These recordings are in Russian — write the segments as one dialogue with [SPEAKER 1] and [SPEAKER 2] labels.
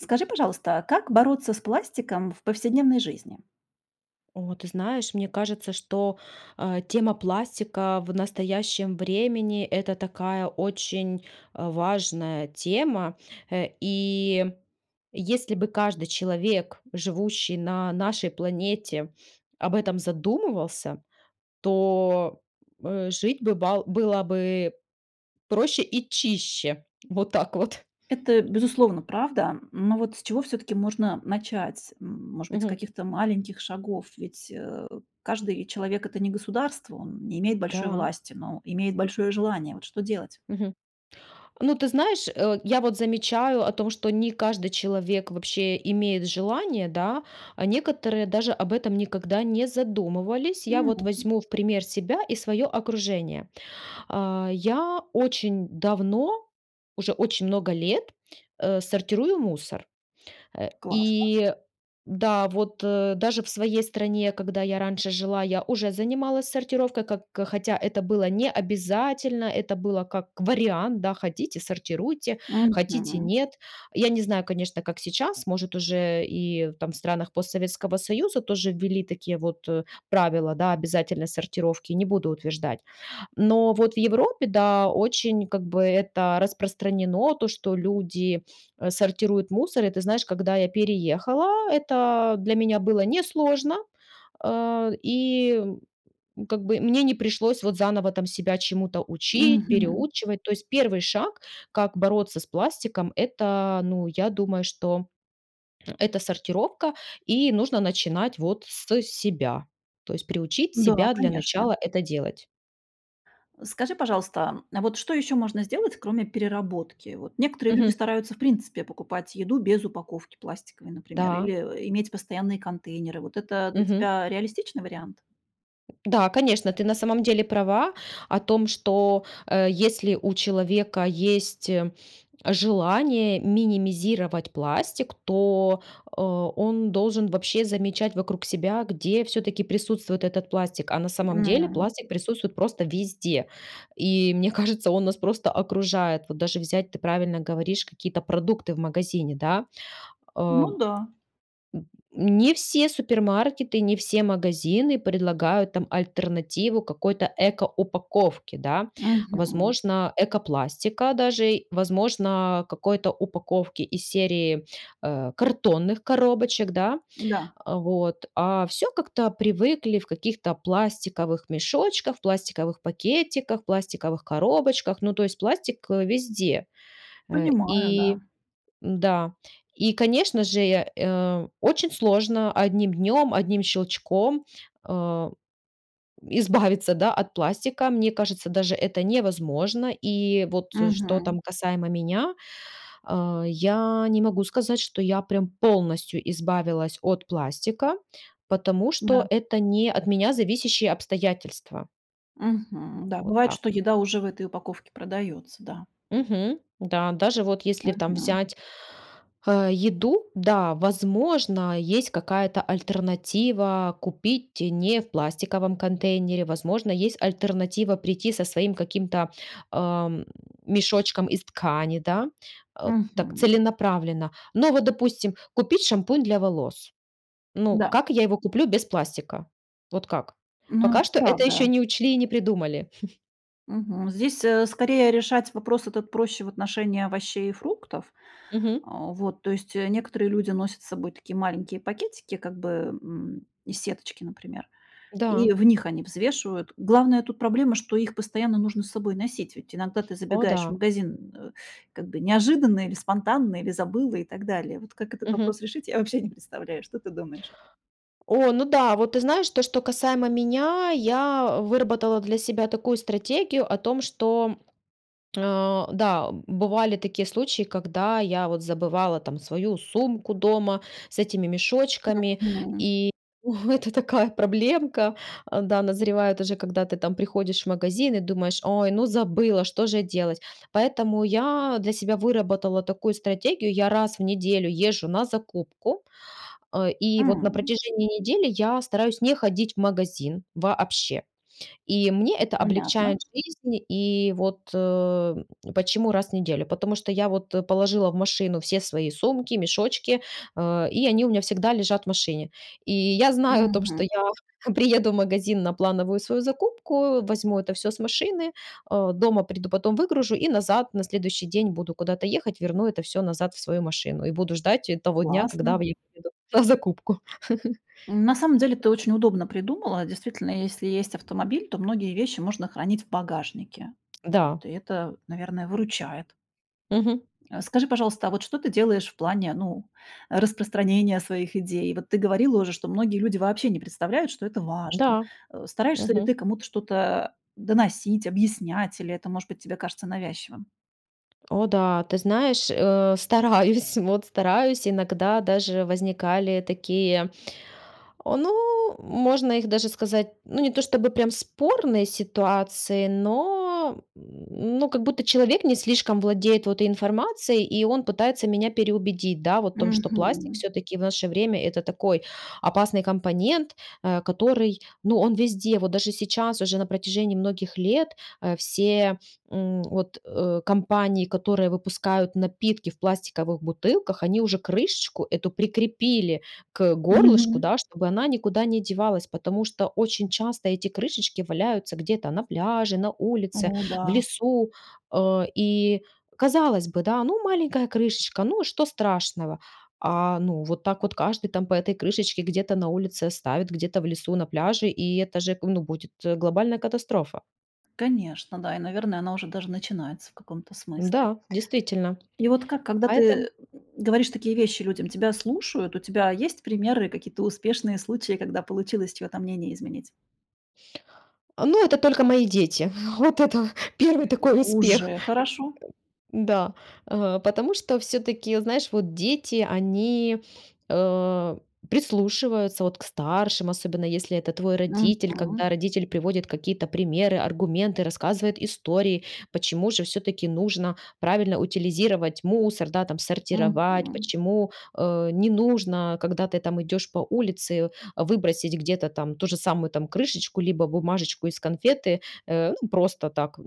[SPEAKER 1] Скажи, пожалуйста, а как бороться с пластиком в повседневной жизни?
[SPEAKER 2] О, ты знаешь, мне кажется, что, а, тема пластика в настоящем времени- это такая очень, а, важная тема. Э, и, если бы каждый человек, живущий на нашей планете, об этом задумывался, то, э, жить бы бал было бы проще и чище. Вот так вот.
[SPEAKER 1] Это, безусловно, правда, но вот с чего всё-таки можно начать? М, может быть, с
[SPEAKER 2] Мгм.
[SPEAKER 1] каких-то маленьких шагов? Ведь, э, каждый человек это не государство, он не имеет большой
[SPEAKER 2] Да.
[SPEAKER 1] власти, но имеет большое желание. Вот что делать?
[SPEAKER 2] Мгм. Ну, ты знаешь, э, я вот замечаю о том, что не каждый человек вообще имеет желание, да. А некоторые даже об этом никогда не задумывались. Я вот
[SPEAKER 1] Мгм.
[SPEAKER 2] возьму в пример себя и свое окружение. А, я очень давно, уже очень много лет, э, сортирую мусор. Э,
[SPEAKER 1] Классно.
[SPEAKER 2] и да, вот, э, даже в своей стране, когда я раньше жила, я уже занималась сортировкой, как хотя это было не обязательно. Это было как вариант, да: хотите сортируйте, хотите
[SPEAKER 1] Мгм.
[SPEAKER 2] нет. Я не знаю, конечно, как сейчас, может, уже и там в странах постсоветского союза тоже ввели такие вот, э, правила, да, обязательной сортировки. Не буду утверждать. Но вот в Европе, да, очень как бы это распространено- то, что люди, а, сортируют мусор. И ты знаешь, когда я переехала, это для меня было несложно. А, и, м, как бы мне не пришлось, вот, заново там себя чему то учить,
[SPEAKER 1] Мгм.
[SPEAKER 2] переучивать. То есть первый шаг, как бороться с пластиком- это, ну, я думаю, что это сортировка. И нужно начинать, вот, с себя. То есть приучить
[SPEAKER 1] Да,
[SPEAKER 2] себя для
[SPEAKER 1] конечно.
[SPEAKER 2] начала это делать.
[SPEAKER 1] Скажи, пожалуйста, а вот, что ещё можно сделать, кроме переработки? Вот, некоторые люди
[SPEAKER 2] Мгм.
[SPEAKER 1] стараются, в принципе, покупать еду без упаковки пластиковой, например.
[SPEAKER 2] Да.
[SPEAKER 1] Или, э, иметь постоянные контейнеры. Вот это для
[SPEAKER 2] Мгм.
[SPEAKER 1] тебя реалистичный вариант?
[SPEAKER 2] М, да, конечно, ты на самом деле права о том, что, э, если у человека есть желание минимизировать пластик, то, а, он должен вообще замечать вокруг себя, где всё-таки присутствует этот пластик, а на самом деле
[SPEAKER 1] М.
[SPEAKER 2] пластик присутствует просто везде. И, мне кажется, он нас просто окружает. Вот даже взять, ты правильно говоришь, какие-то продукты в магазине, да? Ам,
[SPEAKER 1] Ну да.
[SPEAKER 2] н не все супермаркеты, не все магазины предлагают там альтернативу какой-то ЭКО-упаковке, да?
[SPEAKER 1] Мгм.
[SPEAKER 2] Возможно, ЭКО-пластика, даже, возможно, какой-то упаковки из серии, э, картонных коробочек, да?
[SPEAKER 1] Да.
[SPEAKER 2] А, вот. А, все как-то привыкли в каких-то пластиковых мешочках, в пластиковых пакетиках, пластиковых коробочках. Ну то есть пластик, э, везде. Э,
[SPEAKER 1] Понимаю,
[SPEAKER 2] и
[SPEAKER 1] да.
[SPEAKER 2] да. И, конечно же, я э, очень сложно одним днем, одним щелчком, а, избавиться, да, от пластика. Мне кажется, даже это невозможно. И вот, э, что
[SPEAKER 1] Мгм.
[SPEAKER 2] там касаемо меня- а, я не могу сказать, что я прям полностью избавилась от пластика, потому
[SPEAKER 1] Да.
[SPEAKER 2] что это не от меня зависящие обстоятельства. М,
[SPEAKER 1] Мгм. Да,
[SPEAKER 2] вот
[SPEAKER 1] бывает,
[SPEAKER 2] так
[SPEAKER 1] что
[SPEAKER 2] вот.
[SPEAKER 1] еда уже в этой упаковке продается, да?
[SPEAKER 2] Мгм. Да, даже вот если там
[SPEAKER 1] Мгм.
[SPEAKER 2] взять, а, еду, да, возможно, есть какая-то альтернатива купить не в пластиковом контейнере. Возможно, есть альтернатива прийти со своим каким-то, ам, мешочком из ткани, да? А, так,
[SPEAKER 1] Мгм.
[SPEAKER 2] целенаправленно. Ну вот допустим: купить шампунь для волос. Ну,
[SPEAKER 1] Да.
[SPEAKER 2] как я его куплю без пластика? Вот как?
[SPEAKER 1] Ну,
[SPEAKER 2] Пока
[SPEAKER 1] это
[SPEAKER 2] что это еще
[SPEAKER 1] правда.
[SPEAKER 2] не учли и не придумали.
[SPEAKER 1] Мгм. Здесь, э, скорее, решать вопрос этот проще в отношении овощей и фруктов.
[SPEAKER 2] Мгм.
[SPEAKER 1] А, вот. То есть, э, некоторые люди носят с собой такие маленькие пакетики как бы, м, из сеточки, например, и
[SPEAKER 2] Да.
[SPEAKER 1] в них они взвешивают. Главная тут проблема, что их постоянно нужно с собой носить, ведь иногда ты
[SPEAKER 2] О
[SPEAKER 1] забегаешь в
[SPEAKER 2] да.
[SPEAKER 1] магазин, э, как бы неожиданно или спонтанно, или забыла, и так далее. Вот, как этот
[SPEAKER 2] Мгм.
[SPEAKER 1] вопрос решить, я вообще не представляю, что ты думаешь?
[SPEAKER 2] О, ну да, вот ты знаешь, то, что касаемо меня- я выработала для себя такую стратегию о том, что а, да, бывали такие случаи, когда я, вот, забывала там свою сумку дома с этими мешочками
[SPEAKER 1] Мгм.
[SPEAKER 2] и О, это такая проблемка. А, да, назревает уже, когда ты там приходишь в магазин и думаешь: "Ой, ну забыла, что же делать?". Поэтому я для себя выработала такую стратегию: я раз в неделю езжу на закупку, а, и вот на
[SPEAKER 1] М.
[SPEAKER 2] протяжении недели я стараюсь не ходить в магазин вообще. И мне это облегчает
[SPEAKER 1] Понятно.
[SPEAKER 2] жизнь. И вот, э, почему раз в неделю? Потому что я, вот, положила в машину все свои сумки, мешочки, а, и они у меня всегда лежат в машине. И я знаю о том, что
[SPEAKER 1] Мгм.
[SPEAKER 2] я приеду в магазин на плановую свою закупку, возьму это всё с машины, а, дома приду потом, выгружу, и назад на следующий день буду куда-то ехать, верну это всё назад в свою машину. И буду ждать, э, того дня, когда
[SPEAKER 1] Классно.
[SPEAKER 2] [unintelligible] на закупку.
[SPEAKER 1] М, на самом деле, ты очень удобно придумала. Действительно, если есть автомобиль, то многие вещи можно хранить в багажнике.
[SPEAKER 2] Да.
[SPEAKER 1] То это, наверное, выручает.
[SPEAKER 2] Мгм.
[SPEAKER 1] А, скажи, пожалуйста, а вот что ты делаешь в плане, ну, распространения своих идей? Вот ты говорила уже, что многие люди вообще не представляют, что это важно.
[SPEAKER 2] Да.
[SPEAKER 1] А, стараешься ли ты
[SPEAKER 2] Мгм.
[SPEAKER 1] кому-то что-то, а, доносить, объяснять, или это, может быть, тебе кажется навязчивым?
[SPEAKER 2] О да, ты знаешь, э, стараюсь, вот стараюсь. Иногда даже возникали такие, о, ну можно их даже сказать, ну не то чтобы прям спорные ситуации, но, м, ну как будто человек не слишком владеет вот информацией и он пытается меня переубедить, да вот в том, что пластик
[SPEAKER 1] Мгм.
[SPEAKER 2] все-таки в наше время- это такой опасный компонент, э, который, ну он везде. Вот даже сейчас уже на протяжении многих лет, э, все, м, вот, э, компании, которые выпускают напитки в пластиковых бутылках, они уже крышечку эту прикрепили к горлышку,
[SPEAKER 1] Мгм.
[SPEAKER 2] да, чтобы она никуда не девалась, потому что очень часто эти крышечки валяются где-то на пляже, на
[SPEAKER 1] О
[SPEAKER 2] улице, в
[SPEAKER 1] да.
[SPEAKER 2] лесу, э. И, казалось бы, да, ну маленькая крышечка- ну и что страшного? А ну вот так вот каждый там по этой крышечке где-то на улице оставит, где-то в лесу, на пляже- и это же ну будет глобальная катастрофа.
[SPEAKER 1] Конечно, да, и, наверное, она уже даже начинается в каком-то смысле.
[SPEAKER 2] Да, действительно,
[SPEAKER 1] И вот ка когда ты, э,
[SPEAKER 2] поэтом
[SPEAKER 1] говоришь такие вещи людям, тебя слушают? У тебя есть примеры, какие-то успешные случаи, когда получилось чье-то мнение изменить?
[SPEAKER 2] Ну это только мои дети. Вот это первый такой успех.
[SPEAKER 1] Уже
[SPEAKER 2] [unintelligible]
[SPEAKER 1] хорошо.
[SPEAKER 2] Да. Э, потому что все-таки, знаешь, вот дети они, э, прислушиваются вот к старшим, особенно если это твой родитель, когда
[SPEAKER 1] Мгм.
[SPEAKER 2] родитель приводит какие-то примеры, аргументы, рассказывает истории, почему же все-таки нужно правильно утилизировать мусор, да там сортировать,
[SPEAKER 1] Мгм.
[SPEAKER 2] почему э, не нужно, когда ты там идешь по улице, выбросить где-то там ту же самую там крышечку либо бумажечку из конфеты, э, ну просто так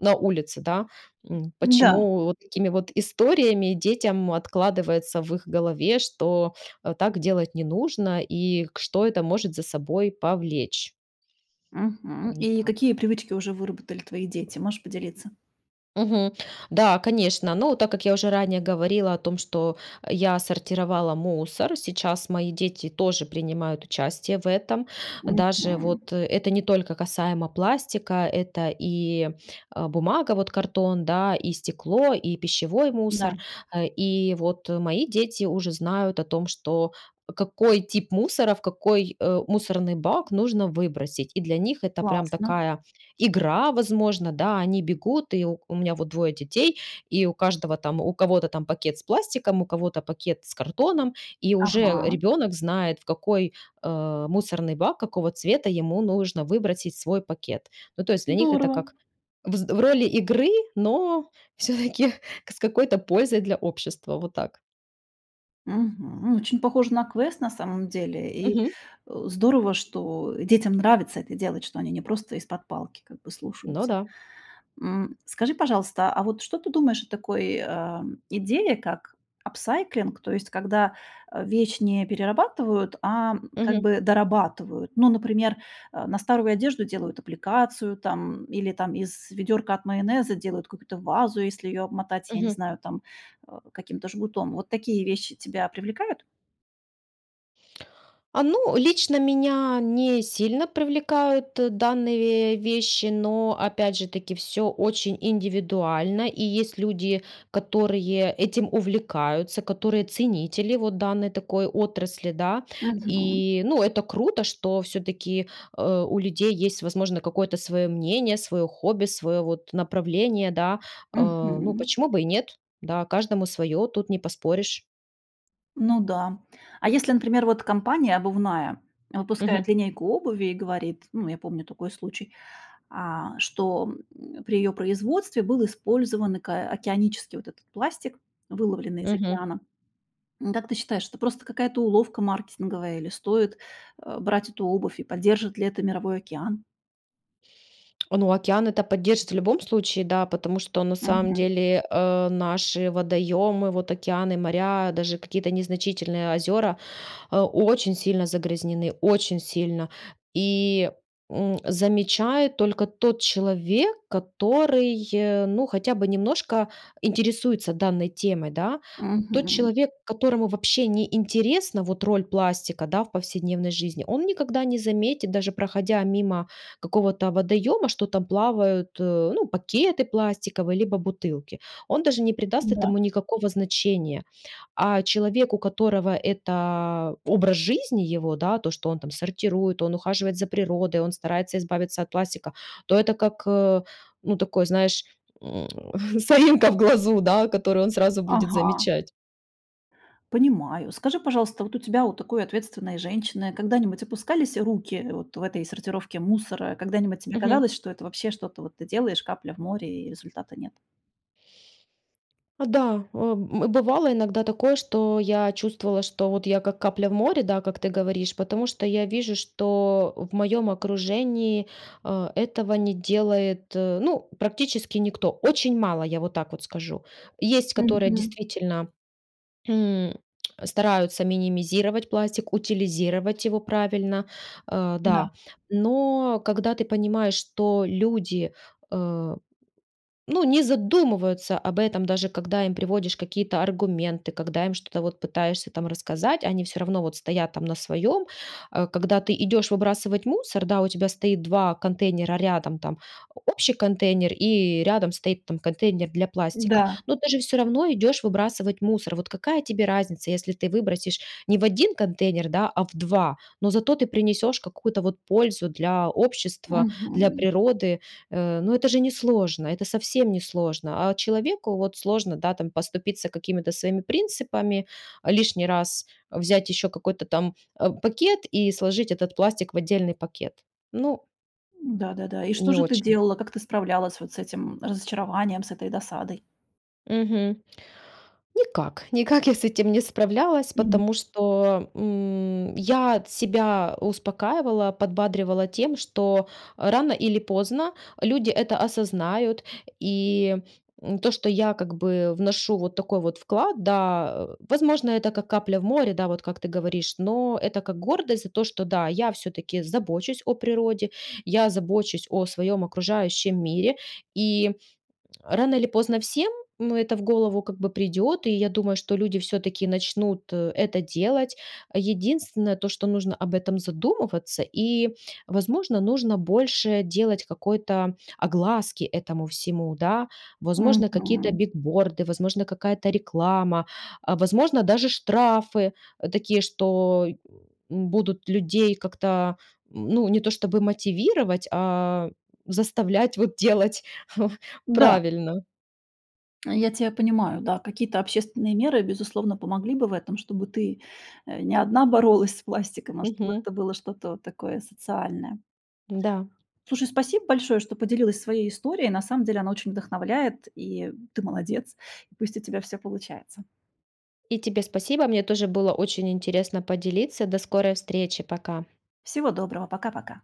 [SPEAKER 2] на улице, да. М,
[SPEAKER 1] Да.
[SPEAKER 2] почему вот такими вот историями детям откладывается в их голове, что, э, так делать не нужно и к что это может за собой повлечь.
[SPEAKER 1] Мгм.
[SPEAKER 2] Во
[SPEAKER 1] И
[SPEAKER 2] так.
[SPEAKER 1] какие привычки уже выработали твои дети? Можешь поделиться?
[SPEAKER 2] Мгм. Да, конечно, ну, так как я уже ранее говорила о том, что я сортировала мусор, сейчас мои дети тоже принимают участие в этом. Даже вот
[SPEAKER 1] Мгм.
[SPEAKER 2] это не только касаемо пластика, это и, э, бумага, вот картон, да, и стекло, и пищевой
[SPEAKER 1] Да.
[SPEAKER 2] мусор, Э, и вот мои дети уже знают о том, что какой тип мусора в какой, э, мусорный бак нужно выбросить. И для них это прям
[SPEAKER 1] Классно.
[SPEAKER 2] такая игра, возможно, да, они бегут, и У меня вот 2 детей, и у каждого там, у кого-то там пакет с пластиком, у кого-то пакет с картоном, и уже
[SPEAKER 1] Ага.
[SPEAKER 2] ребенок знает в какой, э, мусорный бак, какого цвета ему нужно выбросить свой пакет. Ну, то есть для них это
[SPEAKER 1] Здорово.
[SPEAKER 2] как взд в роли игры, но всё-таки с какой-то пользой для общества. Вот так.
[SPEAKER 1] Мгм. Очень похоже на квест, на самом деле, и,
[SPEAKER 2] Мгм.
[SPEAKER 1] э, здорово, что детям нравится это делать, что они не просто из-под палки как бы
[SPEAKER 2] Ну
[SPEAKER 1] слушаются.
[SPEAKER 2] да.
[SPEAKER 1] М. Скажи, пожалуйста, а вот что ты думаешь о такой, а, идее, как апсайклинг, то есть когда, э, вещь не перерабатывают, а как
[SPEAKER 2] Мгм.
[SPEAKER 1] бы дорабатывают? Ну, например, э, на старую одежду делают аппликацию, там, или из ведёрка от майонеза делают какую-то вазу, если ее обмотать, я не
[SPEAKER 2] Мгм.
[SPEAKER 1] знаю, там, э, каким-то жгутом. Вот такие вещи тебя привлекают?
[SPEAKER 2] А ну, лично меня не сильно привлекают данные вещи, но опять же таки всё очень индивидуально, и есть люди, которые этим увлекаются, которые ценители вот данной такой отрасли, да.
[SPEAKER 1] Мгм.
[SPEAKER 2] И ну это круто, что всё-таки, э, у людей есть возможно какое-то свое мнение, свое хобби, свое, вот, направление, да, э. Ну
[SPEAKER 1] Мгм.
[SPEAKER 2] почему бы и нет, да, каждому свое- тут не поспоришь.
[SPEAKER 1] Ну да. А если, например вот, компания обувная выпускает
[SPEAKER 2] Мгм.
[SPEAKER 1] линейку обуви и говорит, ну я помню такой случай, а, что, м, при ее производстве был использован ак океанический вот этот пластик, выловленный из
[SPEAKER 2] Мгм.
[SPEAKER 1] океана. М, как ты считаешь, это просто какая-то уловка маркетинговая или стоит, э, брать эту обувь, и поддержит ли это мировой океан?
[SPEAKER 2] Ну океан это поддержит в любом случае, да, потому что на самом
[SPEAKER 1] Мгм.
[SPEAKER 2] деле, э, наши водоёмы, вот океаны и моря, даже какие-то незначительные озёра, а, очень сильно загрязнены, очень сильно. И, м, замечает только тот человек, который, э, ну хотя бы немножко интересуется данной темой, да. Тот
[SPEAKER 1] Мгм.
[SPEAKER 2] человек, которому вообще не интересна вот роль пластика, да, в повседневной жизни, он никогда не заметит даже проходя мимо какого-то водоёма, что там плавают, э, ну пакеты пластиковые, либо бутылки. Он даже не придаст
[SPEAKER 1] Да.
[SPEAKER 2] этому никакого значения, а человек, у которого эта образ жизни его, да, то, что он там сортирует, он ухаживает за природой, он старается избавиться от пластика, то это как, э, ну такое знаешь, м, соринка в глазу, да, которую он сразу будет
[SPEAKER 1] Ага.
[SPEAKER 2] замечать.
[SPEAKER 1] Понимаю. Скажи, пожалуйста, вот у тебя, у такой ответственной женщины, когда-нибудь опускались руки вот в этой сортировке мусора? Когда-нибудь тебе
[SPEAKER 2] Мгм.
[SPEAKER 1] казалось, что это вообще, что-то вот ты делаешь, капля в море, и результата нет?
[SPEAKER 2] Да, о, м, бывало иногда такое, что я чувствовала, что вот я- как капля в море, да, как ты говоришь, потому что я вижу, что в моём окружении, э, этого не делает, э, ну практически никто. Очень мало, я вот так вот скажу. Есть которые
[SPEAKER 1] Мгм.
[SPEAKER 2] действительно, м, стараются минимизировать пластик, утилизировать его правильно. Э, да.
[SPEAKER 1] Да.
[SPEAKER 2] Но когда ты понимаешь, что люди, э, ну, не задумываются об этом даже когда им приводишь какие то аргументы, когда им что-то вот пытаешься там рассказать, они всё равно вот стоят там на своем. Э, когда ты идешь выбрасывать мусор, да, у тебя стоит 2 контейнера рядом: там общий контейнер и рядом стоит там контейнер для пластика.
[SPEAKER 1] Да.
[SPEAKER 2] Но ты же всё равно идешь выбрасывать мусор. Вот какая тебе разница, если ты выбросишь не в 1 контейнер, да, а в 2, но зато ты принесешь какую-то вот пользу для общества, для
[SPEAKER 1] Мгм.
[SPEAKER 2] природы. Э, но это же несложно, это совсем несложно. А человеку вот сложно, да, там, поступиться какими-то своими принципами лишний раз, взять еще какой-то там, э, пакет и сложить этот пластик в отдельный пакет. Ну
[SPEAKER 1] Да-да-да. И что
[SPEAKER 2] Не
[SPEAKER 1] же ты
[SPEAKER 2] очень.
[SPEAKER 1] делала, как ты справлялась вот с этим разочарованием, с этой досадой?
[SPEAKER 2] Мгм. Никак, никак я с этим не справлялась,
[SPEAKER 1] Мгм.
[SPEAKER 2] потому что, м, я себя успокаивала, подбадривала тем, что рано или поздно люди это осознают. И, м, то, что я как бы вношу вот такой вот вклад, да, возможно, это как капля в море, да, вот как ты говоришь, но это как гордость за то, что, да, я всё-таки забочусь о природе, я забочусь о своем окружающем мире. И рано или поздно всем, но это в голову, как бы, придет, и я думаю, что люди всё-таки начнут, э, это делать. Единственное, то что нужно об этом задумываться и, возможно, нужно больше делать какой-то огласки этому всему, да. Возможно, какие-то
[SPEAKER 1] Мгм.
[SPEAKER 2] бигборды, возможно, какая-то реклама, а, возможно, даже штрафы такие, что, м, будут людей как-то, ну, не то, чтобы мотивировать, а заставлять вот делать
[SPEAKER 1] Да.
[SPEAKER 2] правильно.
[SPEAKER 1] Я тя понимаю, да. Какие-то общественные меры, безусловно, помогли бы в этом, чтобы ты, э, не одна боролась с пластиком, а чтобы
[SPEAKER 2] Мгм.
[SPEAKER 1] это было что-то вот такое социальное.
[SPEAKER 2] Да.
[SPEAKER 1] Слушай, спасибо большое, что поделилась своей историей. На самом деле она очень вдохновляет, и ты молодец. И пусть у тебя всё получается.
[SPEAKER 2] И тебе спасибо, мне тоже было очень интересно поделиться. До скорой встречи, пока!
[SPEAKER 1] Всего доброго. Пока-пока.